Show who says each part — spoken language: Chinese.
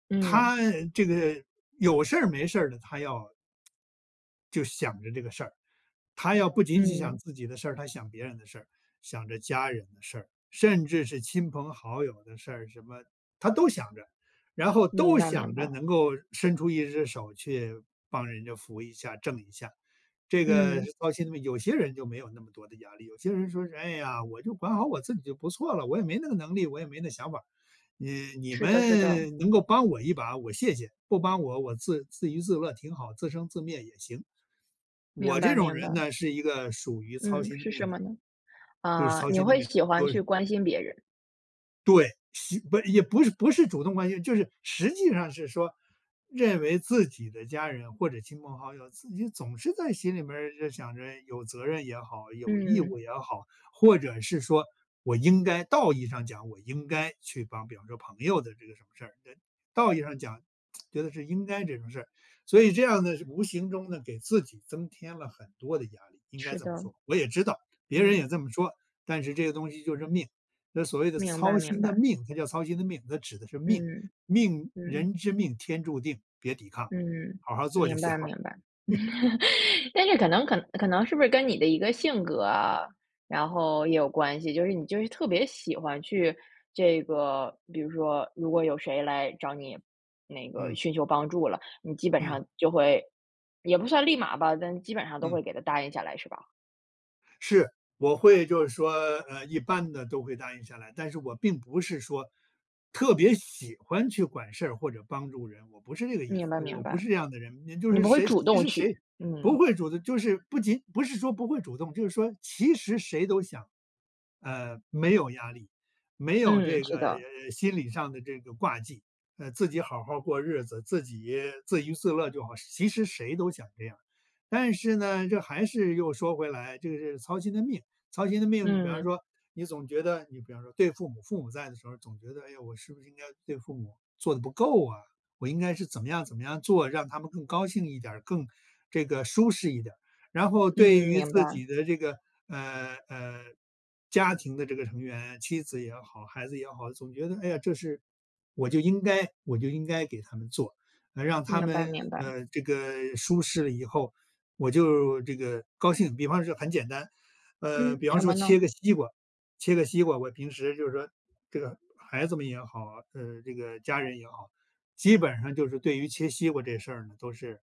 Speaker 1: 嗯。
Speaker 2: 他呃，这个有事儿没事儿的，他要就想着这个事儿。他要不仅仅想
Speaker 1: 嗯。
Speaker 2: 自己的事儿，他想别人的事儿，想着家人的事儿，甚至是亲朋好友的事儿什么，他都想着。然后都
Speaker 1: 明白明
Speaker 2: 想着
Speaker 1: 白。
Speaker 2: 能够伸出一只手去帮人家扶一下、挣一下。这个
Speaker 1: 嗯。
Speaker 2: 到现在有些人就没有那么多的压力，有些人说是：“唉呀！我就管好我自己就不错了，我也没那个能力，我也没那想法。你你
Speaker 1: 是的是的。
Speaker 2: 们能够帮我一把，我谢谢。不帮我，我自自娱自乐挺好。自生自灭也行。”
Speaker 1: 明
Speaker 2: 我这
Speaker 1: 白
Speaker 2: 种
Speaker 1: 明
Speaker 2: 人
Speaker 1: 白。
Speaker 2: 呢，是一个属于操
Speaker 1: 嗯，
Speaker 2: 心的
Speaker 1: 是
Speaker 2: 命
Speaker 1: 什
Speaker 2: 的
Speaker 1: 么
Speaker 2: 人。
Speaker 1: 呢？
Speaker 2: 就是
Speaker 1: 嗯，
Speaker 2: 操
Speaker 1: 你
Speaker 2: 心的
Speaker 1: 会
Speaker 2: 命，
Speaker 1: 喜欢
Speaker 2: 就
Speaker 1: 去
Speaker 2: 是
Speaker 1: 关心别人。
Speaker 2: 对，实不，也不是不是主动关心，就是实际上是说，认为自己的家人或者亲朋好友，自己总是在心里面儿就想着有责任也好、有义
Speaker 1: 嗯。
Speaker 2: 务也好，或者是说我应该道义上讲，我应该去帮比方说朋友的这个什么事儿，道义上讲，觉得是应该这种事。所以这样呢，是无形中呢，给自己增添了很多的压力，应该
Speaker 1: 是
Speaker 2: 这么
Speaker 1: 的。
Speaker 2: 说。我也知道，别人
Speaker 1: 嗯。
Speaker 2: 也这么说，但是这个东西就是命。那所谓的
Speaker 1: 明白
Speaker 2: 操
Speaker 1: 明
Speaker 2: 心的
Speaker 1: 白。
Speaker 2: 命，它叫操心的命，它指的是命。
Speaker 1: 嗯，
Speaker 2: 命，
Speaker 1: 嗯。
Speaker 2: 人之命天注定，别抵抗，
Speaker 1: 嗯，
Speaker 2: 好好做就
Speaker 1: 明
Speaker 2: 行
Speaker 1: 白
Speaker 2: 了。
Speaker 1: 明白。但是可能可可能是不是跟你的一个性格啊，然后也有关系。就是你就是特别喜欢去这个，比如说，如果有谁来找你，那个
Speaker 2: 嗯。
Speaker 1: 寻求帮助了，你基本
Speaker 2: 嗯。
Speaker 1: 上就会也不算立马吧，但基本上都
Speaker 2: 嗯。
Speaker 1: 会给他答应下来，是吧？
Speaker 2: 是。我会就是说，呃，一般的都会答应下来，但是我并不是说特别喜欢去管事儿或者帮助人，我不是这个意思，
Speaker 1: 明白
Speaker 2: 就我
Speaker 1: 明
Speaker 2: 不
Speaker 1: 白。
Speaker 2: 是这样的人。你就
Speaker 1: 你
Speaker 2: 是
Speaker 1: 不会
Speaker 2: 谁
Speaker 1: 主
Speaker 2: 其
Speaker 1: 动
Speaker 2: 实谁
Speaker 1: 去，
Speaker 2: 不
Speaker 1: 嗯。
Speaker 2: 会主动就是，不仅不是说不会主动，就是说其实谁都想，呃，没有压力，没有
Speaker 1: 嗯，
Speaker 2: 这个，
Speaker 1: 是的。
Speaker 2: 呃，心理上的这个挂记。呃，自己好好过日子，自己自娱自乐就好，其实谁都想这样。但是呢，这还是又说回来就是操心的命。操心的命，比方
Speaker 1: 嗯。
Speaker 2: 说，你总觉得你比方说对父母父母在的时候总觉得，哎，我是不是应该对父母做得不够啊，我应该是怎么样怎么样做，让他们更高兴一点儿，更这个舒适一点儿。然后对
Speaker 1: 嗯，
Speaker 2: 于
Speaker 1: 明
Speaker 2: 自
Speaker 1: 白。
Speaker 2: 己的这个，呃，呃，家庭的这个成员，妻子也好、孩子也好，总觉得哎呀，这是我就应该我就应该给他们做。嗯，让他
Speaker 1: 明白
Speaker 2: 们，
Speaker 1: 明白。
Speaker 2: 呃，这个舒适了以后，我就这个高兴。比方说很简单，呃，
Speaker 1: 嗯，
Speaker 2: 比方
Speaker 1: 什么
Speaker 2: 说切
Speaker 1: 呢？
Speaker 2: 个西瓜切个西瓜，我平时就是说，这个孩子们也好，呃，这个家人也好，基本上就是对于切西瓜这事呢，都是